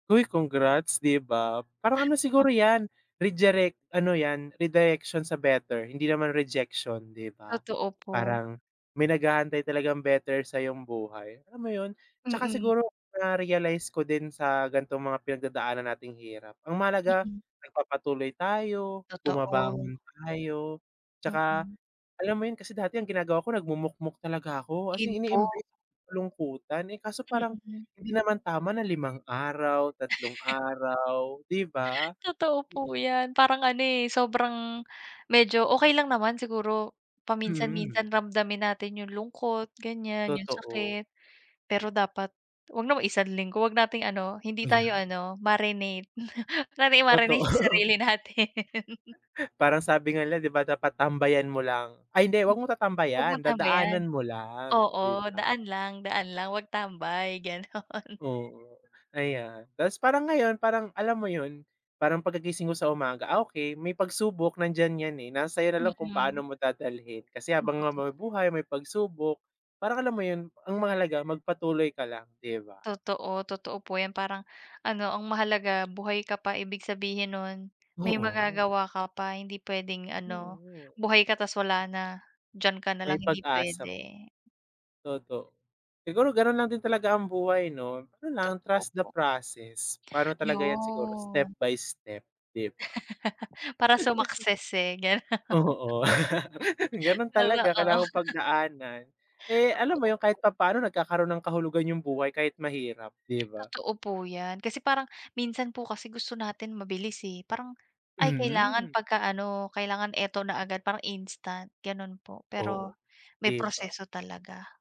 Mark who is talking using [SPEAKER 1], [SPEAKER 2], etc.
[SPEAKER 1] Uy, congrats, di ba? Parang ano
[SPEAKER 2] [unintelligible]
[SPEAKER 1] siguro yan, rejirect ano yan, redirection sa better hindi naman rejection, di ba?
[SPEAKER 2] Totoo po.
[SPEAKER 1] Parang may nag-aantay talagang better sa'yong buhay, alam mo yon? Tsaka
[SPEAKER 2] Mm.
[SPEAKER 1] siguro na-realize ko din sa ganitong mga pinagdadaanan nating hirap, ang mahalaga,
[SPEAKER 2] Mm.
[SPEAKER 1] nagpapatuloy tayo,
[SPEAKER 2] Totoo.
[SPEAKER 1] bumabangon tayo. Tsaka
[SPEAKER 2] Mm.
[SPEAKER 1] alam mo 'yon, kasi dati ang ginagawa ko, nagmumukmok talaga ko, as
[SPEAKER 2] Iyon
[SPEAKER 1] in
[SPEAKER 2] po.
[SPEAKER 1] ine-embrace ko yung kalungkutan. Eh, kaso parang
[SPEAKER 2] Mm.
[SPEAKER 1] hindi naman tama na 5 araw, 3 araw, di ba?
[SPEAKER 2] Totoo
[SPEAKER 1] Di
[SPEAKER 2] po iyan. Parang ano, eh, sobrang medyo okey lang naman siguro
[SPEAKER 1] Mhm.
[SPEAKER 2] paminsan-minsan ramdamin natin yung lungkot, ganyan, yung
[SPEAKER 1] Totoo.
[SPEAKER 2] sakit. Pero dapat wag naman isang linggo, wag nating ano, hindi tayo
[SPEAKER 1] Ayan.
[SPEAKER 2] ano, marinate, huwag nating i-marinate sa
[SPEAKER 1] Totoo.
[SPEAKER 2] sarili natin.
[SPEAKER 1] Parang sabi nga nila 'di ba, "Dapat tambayan mo lang."? Ay hindi,
[SPEAKER 2] M
[SPEAKER 1] wag mong
[SPEAKER 2] wag
[SPEAKER 1] tatambayan,
[SPEAKER 2] mong tambayan.
[SPEAKER 1] dadaanan mo lang,
[SPEAKER 2] Oo,
[SPEAKER 1] di ba?
[SPEAKER 2] daan lang, daan lang, huwag tambay, gano'n.
[SPEAKER 1] Oo, ayan. Tapos parang ngayon, parang alam mo 'yon, parang pagkagising mo sa umaga, ah, okey may pagsubok nandiyan yan, eh, nasa sa'yo na lang kung
[SPEAKER 2] Mm.
[SPEAKER 1] paano mo dadalhin. Kasi habang na may
[SPEAKER 2] Makatotoo.
[SPEAKER 1] buhay, may pagsubok, parang alam mo yun? Ang mahalaga magpatuloy ka lang, di ba?
[SPEAKER 2] Totoo, totoo po yan. Parang, ano, ang mahalaga buhay ka pa ibig sabihin no'n, may
[SPEAKER 1] Oo.
[SPEAKER 2] magagawa ka pa. Hindi pwedeng ano,
[SPEAKER 1] Oo.
[SPEAKER 2] buhay ka ta's wala na, diyan ka na
[SPEAKER 1] May
[SPEAKER 2] lang, hindi
[SPEAKER 1] pag-asa p
[SPEAKER 2] pwede.
[SPEAKER 1] toto Siguro ganun lang din talaga ang buhay 'no? Ano lang,
[SPEAKER 2] Totoo
[SPEAKER 1] trust the
[SPEAKER 2] po.
[SPEAKER 1] process, parang ano talaga yan siguro, step
[SPEAKER 2] Yon.
[SPEAKER 1] by step, di ba?
[SPEAKER 2] Para sumakses, eh, gano
[SPEAKER 1] Oo. Ganun
[SPEAKER 2] Totoo.
[SPEAKER 1] talaga, kailangan mong pagdaanan. Eh, alam mo
[SPEAKER 2] Totoo
[SPEAKER 1] yun, kahit
[SPEAKER 2] po.
[SPEAKER 1] papaano nagkakaroon ng kahulugan yung buhay kahit mahirap, 'di ba?
[SPEAKER 2] Totoo po yan. Kasi parang, minsan po kasi gusto natin mabilis, eh, parang, ay, kailangan
[SPEAKER 1] Mhm.
[SPEAKER 2] pagka-ano, kailangan eto na agad, parang instant gano'n po, pero
[SPEAKER 1] Oo,
[SPEAKER 2] may
[SPEAKER 1] 'di ba?
[SPEAKER 2] proseso talaga.